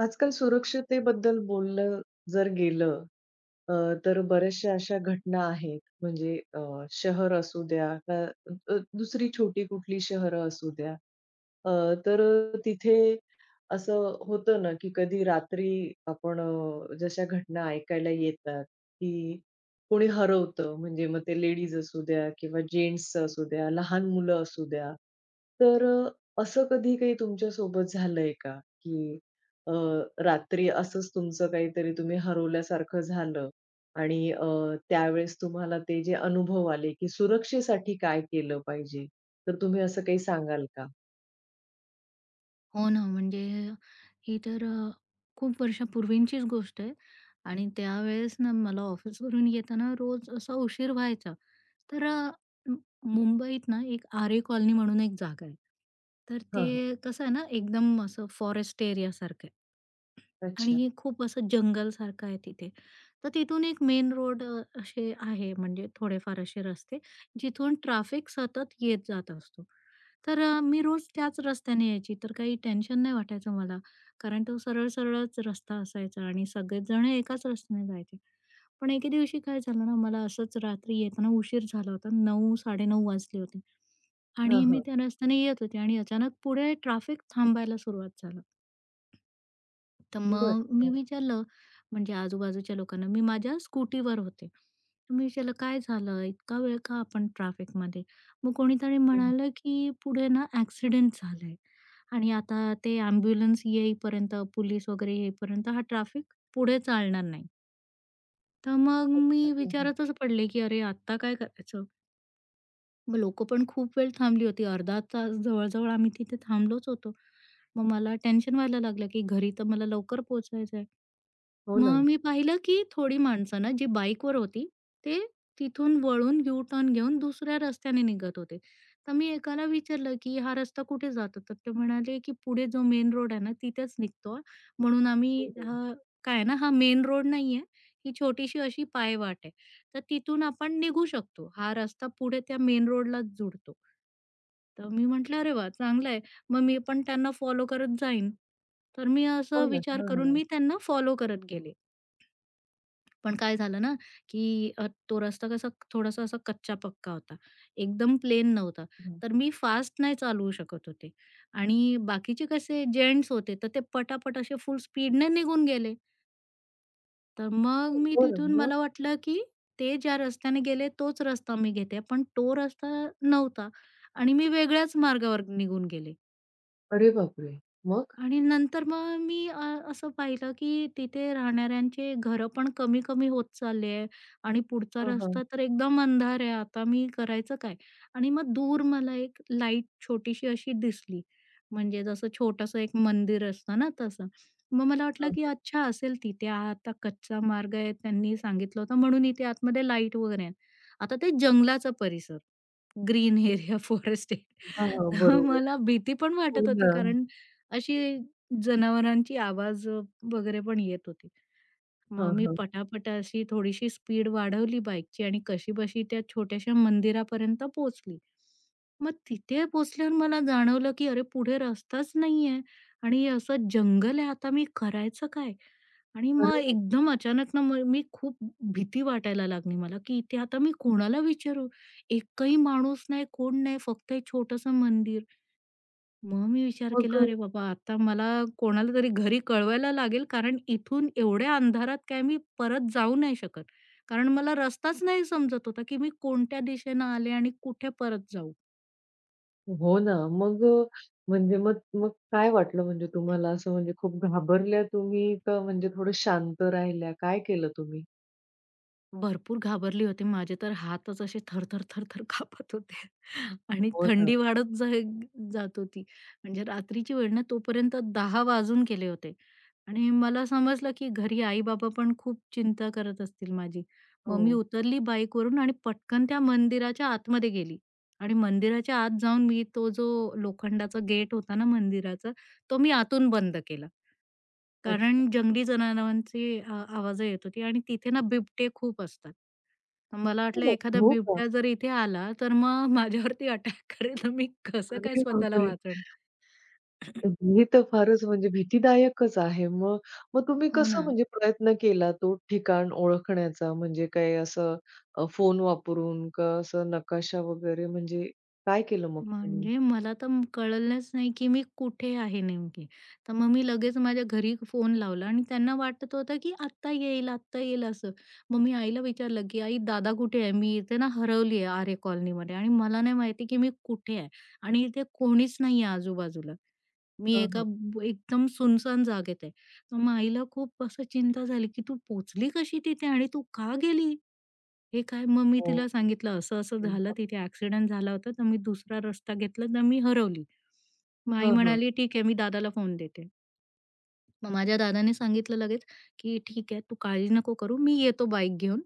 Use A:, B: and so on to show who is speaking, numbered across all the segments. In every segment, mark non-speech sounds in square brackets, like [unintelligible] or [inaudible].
A: आजकाल सुरक्षतेबद्दल बोललं जर गेलं अ, तर बऱ्याचशा अशा घटना आहेत, म्हणजे अ, शहर असू द्या. का अ, दुसरी छोटी कुठली शहरं असू द्या. अ, तर तिथे असं होतं ना, की कधी रात्री आपण जशा घटना ऐकायला येतात, की कुणी हरवतं म्हणजे मग ते लेडीज असू द्या किंवा जेन्ट्स असू द्या लहान मुलं असू द्या. तर अ, असं कधी काही तुमच्यासोबत झालंय का? की अ, रात्री असंच तुमचं काहीतरी तुम्ही हरवल्यासारखं झालं आणि अ, त्यावेळेस तुम्हाला ते जे अनुभव आले, की सुरक्षेसाठी काय केलं पाहिजे? तर तुम्ही असं काही सांगाल का?
B: हो ना म्हणजे ही तर अ, खूप वर्षांपूर्वीचीच गोष्ट आहे आणि त्यावेळेस ना मला ऑफिसवरून येताना रोज असा उशीर व्हायचा तर अ, मुंबईत ना एक आरे कॉलनी म्हणून एक जागा आहे. तर
A: हां, हां.
B: ते कसं आहे ना एकदम असं फॉरेस्ट एरियासारखं आहे
A: अच्छा.
B: आणि खूप असं जंगलसारखं आहे तिथे. तर तिथून एक मेन रोड अ, असे आहे म्हणजे थोडेफार असे रस्ते जिथून ट्रॅफिक सतत येत जात असते. तर अ, मी रोज त्याच रस्त्याने यायची तर काही टेन्शन नाही वाटायचं मला. कारण तो सरळ सरळच रस्ता असायचा आणि सगळेजण एकाच रस्त्याने जायचे. पण एके दिवशी काय झालं ना मला असंच रात्री येताना उशीर झाला होता 9:00-9:30 वाजले होते
A: हां,
B: आणि मी
A: हां.
B: त्या रस्त्याने येत होते आणि अचानक पुढे ट्रॅफिक थांबायला सुरुवात झालं. तर
A: बरं,
B: मग मी
A: बरं.
B: विचारलं म्हणजे आजूबाजूच्या लोकांना मी माझ्या स्कूटीवर होते तर मी विचारलं, "काय झालं? इतका वेळ का आपण ट्रॅफिकमध्ये." मग कोणीतरी
A: हं.
B: म्हणालं, की "पुढे ना ॲक्सिडेंट झालंय आणि आता ते ॲम्ब्युलन्स येईपर्यंत पोलीस वगैरे येईपर्यंत हा सगळं ट्रॅफिक पुढे चालणार नाही." तर मग मी
A: अच्छा. हं, हं.
B: विचारतच पडले, की "अरे! आता काय करायचं?" मग लोक पण खूप वेळ थांबली होती, अर्धा तास जवळ-जवळ आम्ही तिथे थांबलोच होतो. मग मला टेन्शन व्हायला लागलं की घरी तर मला लवकर पोहोचायचं आहे.
A: हो
B: मग
A: ना.
B: मी पाहिलं की थोडी माणसं ना जी बाईकवर होती, ते तिथून वळून यू-टर्न घेऊन दुसऱ्या रस्त्याने निघत होते. तर मी एकाला विचारलं, की "हा रस्ता कुठे जातो?" तर ते म्हणाले, की "पुढे जो मेन रोड आहे ना, तिथेच निघतो, म्हणून
A: हो,
B: आम्ही
A: हो.
B: हां. काय आहे ना, हा मेन रोड नाहीये, ही छोटीशी अशी पायवाट आहे, तर तिथून आपण निघू शकतो. हा रस्ता पुढे त्या मेन रोडलाच जोडतो." तर मी म्हंटलं, "अरे वाह! चांगलंय मग मी पण त्यांना फॉलो करत जाईन." तर मी असा
A: हो ना.
B: विचार
A: हां, हां,
B: करून
A: हां.
B: मी त्यांना फॉलो करत गेले. पण काय झालं ना, की अ, तो रस्ता कसा थोडासा असा कच्चा-पक्का होता, एकदम प्लेन नव्हता.
A: हंं.
B: तर मी फास्ट नाही चालवू शकत होते आणि बाकीचे कसे जेंट्स होते, तर ते पटापट असे फुल स्पीडने निघून गेले. तर मग
A: [unintelligible]
B: मी
A: हो ना.
B: तिथून
A: मग?
B: मला वाटलं, की ते ज्या रस्त्याने गेले तोच रस्ता मी घेते, पण तो रस्ता नव्हता आणि मी वेगळ्याच मार्गावर निघून गेले.
A: अरे बापरे! मग?
B: आणि नंतर मग मी अ, असं पाहिलं, की तिथे राहणाऱ्यांचे घरं पण कमी-कमी होत चालले आहे आणि पुढचा
A: हां, हां.
B: रस्ता तर एकदम अंधार आहे. आता मी करायचं काय आणि मग दूर मला एक लाईट छोटीशी अशी दिसली. म्हणजे जसं छोटंसं एक मंदिर असतं ना तसं. मग मला वाटलं,
A: हां, हां.
B: की "अच्छा, असेल तिथे, हा आता कच्चा मार्ग आहे, त्यांनी सांगितलं होतं म्हणून इथे आतमध्ये लाईट वगैरे आहेत." आता ते जंगलाचा परिसर. ग्रीन एरिया, फॉरेस्ट
A: हां,
B: एरिया
A: हां,
B: आहे, तर
A: बरोबर.
B: मला भीती पण
A: हो
B: वाटत होती
A: ना.
B: कारण अशी जनावरांची आवाज व वगैरे पण येत होती. मग
A: हां,
B: मी
A: हां.
B: पटापटा अशी थोडीशी स्पीड वाढवली बाईकची आणि कशीबशी त्या छोटयाशा मंदिरापर्यंत पोहोचली. मग तिथे पोहोचल्यावर मला जाणवलं, की अरे! पुढे रस्ताच नाही आहे आणि असं जंगल आहे. आता मी करायचं काय? आणि
A: अरे
B: मग
A: बापरे!
B: एकदम अचानक ना मग मी खूप भीती वाटायला लागली मला, की इथे आता मी कोणाला विचारू? एकही माणूस नाही, कोण नाही. फक्त एक छोटंसं मंदिर. मग मी विचार केला,
A: मग
B: अरे बाबा! आता मला कोणाला तरी घरी कळवायला लागेल कारण इथून एवढ्या अंधारात काय मी परत जाऊ नाही शकत. कारण मला रस्ताच नाही समजत होता, की मी कोणत्या दिशेने आले आणि कुठे परत जाऊ?
A: हो ना. मग म्हणजे मग मग काय वाटलं म्हणजे तुम्हाला असं म्हणजे खूप घाबरल्या तुम्ही? का म्हणजे थोडं शांत राहिल्या, काय केलं तुम्ही?
B: भरपूर घाबरली होती. माझे तर हातच असे थर-थर थर-थर कापत होते आणि
A: हो ना.
B: थंडी वाढत जाय जात होती. म्हणजे रात्रीची वेळ ना तोपर्यंत 10 वाजून गेले होते आणि मला समजलं, की घरी आई-बाबा पण खूप चिंता करत असतील माझी.मग मी
A: हो.
B: उतरली बाईकवरून आणि पटकन त्या मंदिराच्या आतमध्ये गेली आणि मंदिराच्या आत जाऊन मी तो जो लोखंडाचा गेट होता ना मंदिराचा तो मी आतून बंद केला.
A: अच्छा.
B: कारण जंगली जनावरांची आवाज येत होती आणि तिथे ना बिबटे खूप असतात. मला
A: अरे
B: वाटलं
A: बापरे!
B: एखादा
A: हो का?
B: बिबट्या जर इथे आला तर मग माझ्यावरती अटॅक करेल तर मी कसं काय
A: अरे
B: स्वतःला
A: बापरे!
B: वाचवेन. [clears throat]
A: हे तर फारच म्हणजे भीतीदायकच आहे मग. मग तुम्ही
B: हो
A: कसं
B: ना.
A: म्हणजे प्रयत्न केला तो ठिकाण ओळखण्याचा. म्हणजे काय असं अ, फोन वापरून? का असं नकाशा वगैरे म्हणजे काय केलं मग तुम्ही?
B: म्हणजे मला तर कळलंच नाही, की मी कुठे आहे नेमकी, तर मग मी लगेच माझ्या घरी फोन लावला आणि त्यांना वाटत होतं, की आत्ता येईल, आत्ता येईल असं. मग मी आईला विचारलं, की "आई दादा कुठे आहे? मी इथे ना हरवली आहे आरे कॉलनीमध्ये आणि मला नाही माहिती, की मी कुठे आहे आणि इथे कोणीच नाही आहे आजूबाजूला. मी
A: हं,
B: एका
A: हं.
B: बु एकदम सुनसान जागेत आहे." मग आईला खूप असं चिंता झाली, की "तू पोचली कशी तिथे आणि तू का गेली?" हे काय मग मी
A: हो,
B: तिला
A: खूप
B: सांगितलं, "असं-असं झालं
A: चिंता.
B: तिथे, ॲक्सिडेंट झाला होता तर मी दुसरा रस्ता घेतला तर मी हरवली." मग आई
A: हां, हां.
B: म्हणाली, "ठीक आहे, मी दादाला फोन देते." मग माझ्या दादांनी सांगितलं लगेच, की "ठीक आहे, तू काळजी नको करू मी येतो बाईक घेऊन.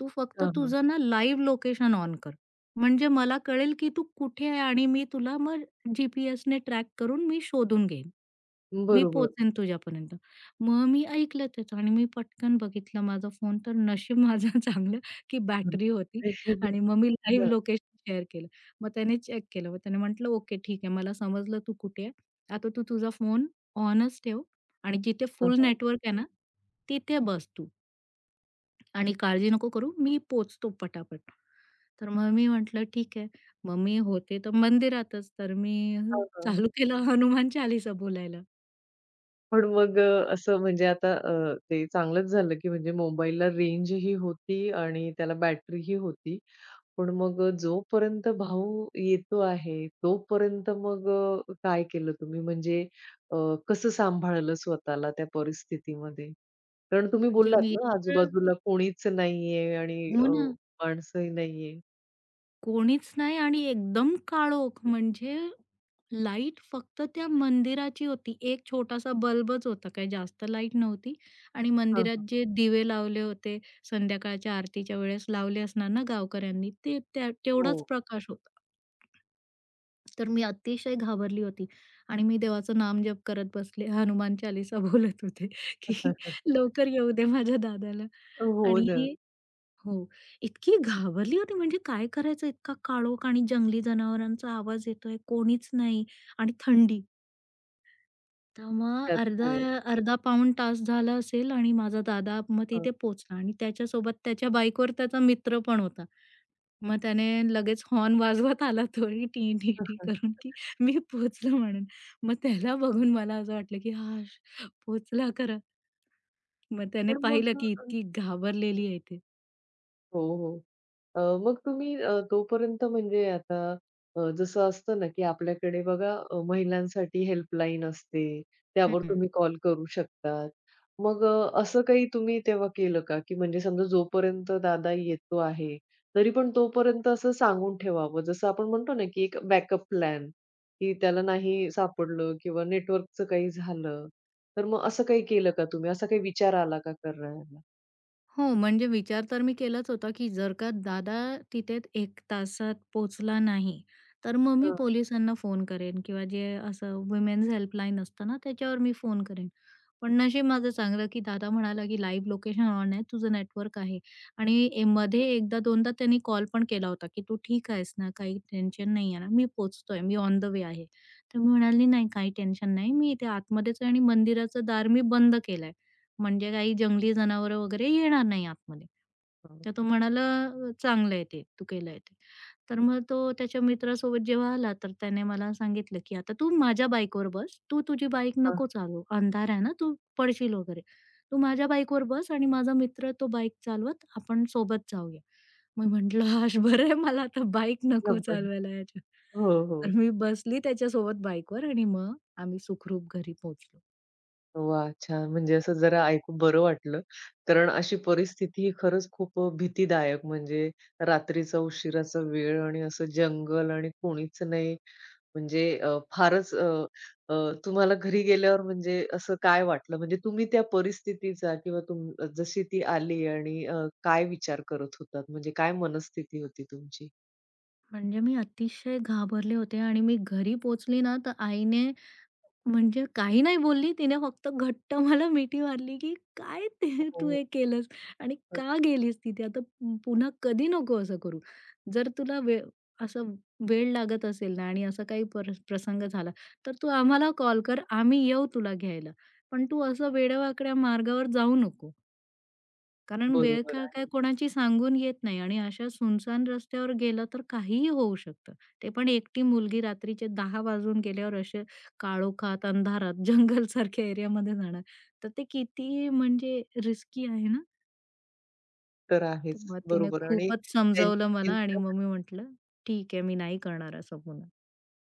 B: तू फक्त
A: हां, हां.
B: तुझं ना लाईव्ह लोकेशन ऑन कर. म्हणजे मला कळेल, की तू कुठे आहे आणि मी तुला मग जीपीएसने ट्रॅक करून मी शोधून घेईन. मी
A: बरोबर.
B: पोहोचेन तुझ्यापर्यंत." मग मी ऐकलं त्याचं आणि मी पटकन बघितलं माझा फोन तर नशीब माझं चांगलं, की
A: हं, हं.
B: बॅटरी होती
A: नशीब हे.
B: आणि मग मी लाईव्ह
A: हं.
B: लोकेशन शेअर केलं. मग त्याने चेक केलं, मग त्याने म्हटलं, "ओके ठीक आहे, मला समजलं तू कुठे आहे. आता तू तुझा फोन ऑनच ठेव आणि जिथे
A: हां,
B: फुल
A: हां.
B: नेटवर्क आहे ना तिथे बस तू." आणि काळजी नको करू, मी पोहचतो पटापट. तर मग मी म्हटलं, "ठीक आहे." मग मी होते तर मंदिरातच, तर मी
A: हां, हां.
B: चालू केलं हनुमान चालीसा बोलायला.
A: पण मग अ, असं म्हणजे आता अ, ते चांगलच झालं, की म्हणजे मोबाईलला रेंज ही होती आणि त्याला बॅटरी ही होती. पण मग अ, जोपर्यंत भाऊ येतो आहे, तोपर्यंत मग अ, काय केलं तुम्ही, म्हणजे अ, कसं सांभाळलं स्वतःला त्या परिस्थितीमध्ये? कारण तुम्ही
B: म्हणजे
A: बोललात
B: मी
A: ना,
B: इतकं
A: आजूबाजूला कुणीच नाहीये आणि
B: हो
A: अ,
B: ना.
A: माणसंही नाहीये?
B: कोणीच नाही आणि एकदम काळोख, म्हणजे लाईट फक्त त्या मंदिराची होती. एक छोटासा बल्बच होता, काही जास्त लाईट नव्हती आणि
A: हां, हां.
B: मंदिरात जे दिवे लावले होते, संध्याकाळच्या आरतीच्या वेळेस लावले असणार ना गावकऱ्यांनी, ते त्या तेवढाच
A: हो.
B: प्रकाश होता. तर मी अतिशय घाबरली होती आणि मी देवाचं नामजप करत बसले हनुमान चालीसा बोलत होते, की
A: [chuckles]
B: लवकर येऊदे माझ्या दादाला
A: अ, हो ना.
B: आणि हो. इतकी घाबरली होती, म्हणजे काय करायचं, इतका काळोख आणि जंगली जनावरांचा आवाज येतोय, कोणीच नाही आणि थंडी. तर मग
A: त्यात.
B: अर्धा
A: हो.
B: अर्धा पाऊण तास झाला असेल आणि माझा दादा मग
A: हां.
B: तिथे पोहोचला. आणि त्याच्यासोबत त्याच्या बाइकवर त्याचा मित्र पण होता. मग त्याने लगेच हॉर्न वाजवत आला तोही टी-टी-टी करून, की
A: [chuckles]
B: मी पोहचलो म्हणून. मग त्याला बघून मला असं वाटलं, की "हाशः पोहोचला खरा," मग त्याने
A: पण
B: पाहिलं
A: मग
B: की,
A: अ,
B: इतकी
A: हं.
B: घाबरलेली आहे ती.
A: हो, हो. अ, मग तुम्ही अ, तोपर्यंत म्हणजे आता अ, जसं असतं ना, की आपल्याकडे बघा महिलांसाठी हेल्पलाईन असते
B: हं,
A: त्यावर
B: हं.
A: तुम्ही कॉल करू शकता. मग अ, असं काही तुम्ही तेव्हा केलं का, की म्हणजे समजा जोपर्यंत दादा येतो आहे तरी पण तोपर्यंत असं सांगून ठेवावं जसं आपण म्हणतो ना, की एक बॅकअप प्लॅन, की त्याला नाही सापडलं किंवा नेटवर्कचं काही झालं तर मग असं काही केलं का तुम्ही? असा काही विचार आला का करायला?
B: हो, म्हणजे विचार तर मी केलाच होता, की जर का दादा तिथे 1 तासात पोहोचला नाही तर मग मी
A: हां.
B: पोलिसांना फोन करेन किंवा जे असं वुमेन्स हेल्पलाईन असतं ना त्याच्यावर मी फोन करेन. पण नशीब माझं चांगलं, की दादा म्हणाला, की लाईव्ह लोकेशन ऑन आहे तुझं नेटवर्क आहे आणि मध्ये 1 दा 2 दा त्यांनी कॉल पण केला होता, की "तू ठीक आहेस ना? काही टेन्शन नाही आहे ना? मी पोहोचतोय मी ऑन द वे आहे." तर मी म्हणाली, "नाही काही टेन्शन नाही मी इथे आतमध्येच आहे आणि मंदिराचं दार मी बंद केलाय म्हणजे काही जंगली जनावरं वगैरे येणार नाही आतमध्ये."
A: हां.
B: तर तो म्हणाला, अ, "चांगलं आहे ते तू केलंय ते" तर मग तो त्याच्या मित्रासोबत जेव्हा आला तर त्याने मला सांगितलं, की "आता तू माझ्या बाईकवर बस तू तुझी बाईक
A: हां.
B: नको चालवू. अंधार आहे ना तू पडशील वगैरे. तू माझ्या बाईकवर बस आणि माझा मित्र तो बाईक चालवत आपण सोबत जाऊया." मी म्हटलं, आज बरं मला आता बाईक नको
A: [unintelligible]
B: चालवायला याच्या
A: हो, हो.
B: तर मी बसली त्याच्यासोबत बाईकवर आणि मग आम्ही सुखरूप घरी पोहोचलो.
A: वाह! छान. म्हणजे असं जरा ऐकून बरं वाटलं. कारण अशी परिस्थिती खरंच खूप अ, भीतीदायक म्हणजे रात्रीचा उशिराचा वेळ आणि असं जंगल आणि कोणीच नाही. म्हणजे अ, फारच अ, अ, तुम्हाला घरी गेल्यावर म्हणजे असं काय वाटलं? म्हणजे तुम्ही त्या परिस्थितीचा किंवा तुम जशी ती आली आणि अ, काय विचार करत होतात? म्हणजे काय मनस्थिती होती तुमची?
B: म्हणजे मी अतिशय घाबरले होते आणि मी घरी पोहोचली ना, तर आईने म्हणजे काही नाही बोलली तिने फक्त घट्ट मला मिठी मारली, की "काय
A: हो,
B: ते तू
A: हो.
B: हे केलंस आणि
A: तर.
B: का गेलीस तिथे. आता पु पुन्हा कधी नको असं करू, जर तुला वेळ असं वेळ लागत असेल ना आणि असा काही पर प्रसंग झाला तर तू आम्हाला कॉल कर आम्ही येऊ तुला घ्यायला. पण तू असं वेड्यावाकड्या मार्गावर जाऊ नको." कारण
A: बरोबर
B: वेळ-काळ काय
A: आहे.
B: कोणाची सांगून येत नाही आणि अशा सुनसान रस्त्यावर गेलं तर काहीही होऊ शकतं. ते पण एकटी मुलगी रात्रीचे 10:00 वाजून गेल्यावर असे काळोखात अंधारात जंगलसारख्या एरियामध्ये जाणार तर ते किती म्हणजे रिस्की आहे ना.
A: तर आहेच.
B: मग तिने
A: बरोबर. आणि
B: खूपच समजवलं
A: त्यांची
B: मला आणि
A: चिंता ना
B: मग मी म्हटलं, "ठीक आहे, मी नाही करणार असं पुन्हा."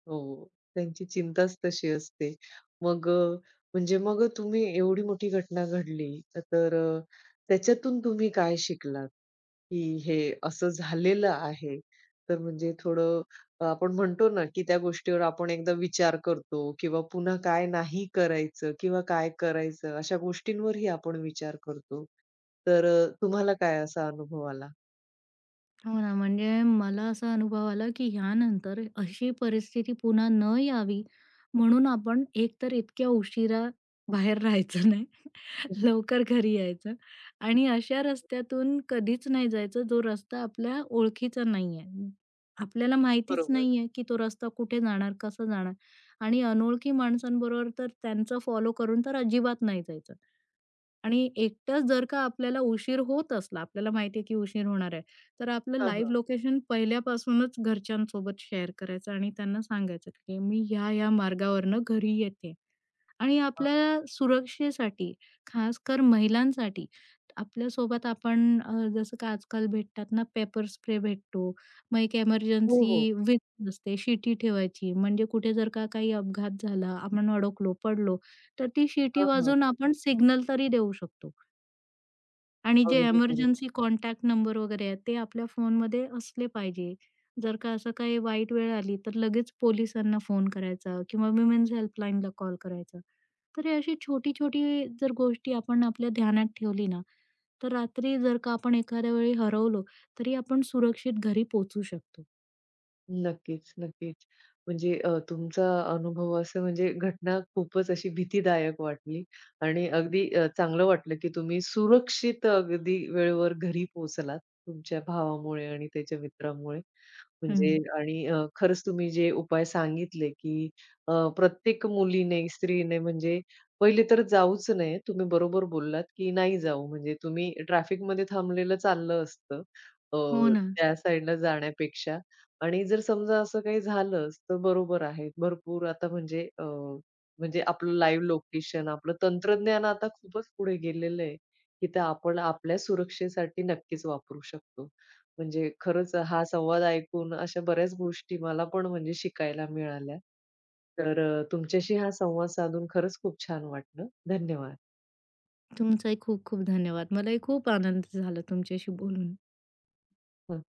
A: हो, हो. त्यांची चिंताच तशी असते. मग अ, म्हणजे मग अ, तुम्ही एवढी मोठी घटना घडली, तर अ, त्याच्यातून तुम्ही काय शिकलात? की हे असं झालेलं आहे, तर म्हणजे थोडं आपण म्हणतो ना की त्या गोष्टीवर आपण एकदा विचार करतो किंवा पुन्हा काय नाही करायचं किंवा काय करायचं, अशा गोष्टींवरही आपण विचार करतो. तर अ, तुम्हाला काय असा अनुभव आला?
B: हो ना. म्हणजे मला असा अनुभव आला, की ह्यानंतर अशी परिस्थिती पुन्हा न यावी म्हणून आपण एक तर इतक्या उशिराबाहेर राहायचं नाही.
A: हं.
B: लवकर घरी यायचं आणि अशा रस्त्यातून कधीच नाही जायचं, जो रस्ता आपल्या ओळखीचा नाही आहे. आपल्याला माहितीच
A: बरोबर.
B: नाही आहे की तो रस्ता कुठे जाणार, कसं जाणार आणि अनोळखी माणसांबरोबर तर त्यांचं फॉलो करून तर अजिबात नाही जायचं. आणि एकटाच जर का आपल्याला उशीर होत असला, आपल्याला माहितीये की उशीर होणार आहे, तर आपलं
A: हां,
B: लाइव्ह
A: हां.
B: लोकेशन पहिल्यापासूनच घरच्यांसोबत शेअर करायचं आणि त्यांना सांगायचं, की मी ह्या, ह्या मार्गावरून घरी येते आणि
A: हां.
B: आपल्या सुरक्षेसाठी खासकर महिलांसाठी. आपल्यासोबत आपण अ, जसं का आजकाल भेटतात ना, पेपर स्प्रे भेटतो, मग एक
A: हो,
B: एमर्जन्सी
A: हो.
B: [unintelligible] असते, शिटी ठेवायची. म्हणजे कुठे जर का काही अपघात झाला, आपण अडकलो, पडलो तर ती शिट्टी
A: हां, हां.
B: वाजवून आपण सिग्नल तरी देऊ शकतो. आणि जे
A: अगदी बरोबर.
B: इमर्जन्सी कॉन्टॅक्ट नंबर वगैरे आहेत ते आपल्या फोनमध्ये असले पाहिजे. जर का असं काही वाईट वेळ आली, तर लगेच पोलिसांना फोन करायचा किंवा वुमन्स हेल्पलाईनला कॉल करायचा. तर ही अशी छोटी-छोटी जर गोष्टी आपण आपल्या ध्यानात ठेवली ना, तर रात्री जर का आपण एखाद्या वेळी हरवलो तरी आपण सुरक्षित घरी पोहोचू शकतो.
A: नक्कीच, नक्कीच. म्हणजे अ, तुमचा अनुभव असा म्हणजे घटना खूपच अशी भीतीदायक वाटली आणि अगदी अ, चांगलं वाटलं, की तुम्ही सुरक्षित अगदी वेळेवर घरी पोहोचलात तुमच्या भावामुळे आणि त्याच्या मित्रामुळे म्हणजे
B: हं.
A: आणि खरंच तुम्ही जे उपाय सांगितले, की अ, प्रत्येक मुलीने स्त्रीने म्हणजे पहिले तर जाऊच नये. तुम्ही बरोबर बोललात, की नाही जाऊ म्हणजे तुम्ही ट्रॅफिकमध्ये थांबलेलं चाललं असतं, अ,
B: हो ना.
A: त्या साइडला जाण्यापेक्षा. आणि जर समजा असं काही झालंच तर बरोबर आहे. भरपूर आता म्हणजे अ, म्हणजे आपलं लाईव्ह लोकेशन आपलं तंत्रज्ञान आता खूपच पुढे गेलेलं आहे, की ते आपण आपल्या सुरक्षेसाठी नक्कीच वापरू शकतो. म्हणजे खरंच हा संवाद ऐकून अशा बऱ्याच गोष्टी मला पण म्हणजे शिकायला मिळाल्या. तर अ, तुमच्याशी हा संवाद साधून खरंच खूप छान वाटलं. धन्यवाद.
B: तुमचाही खूप-खूप धन्यवाद. मलाही खूप आनंद झाला तुमच्याशी बोलून.
A: हं, हं.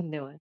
A: धन्यवाद.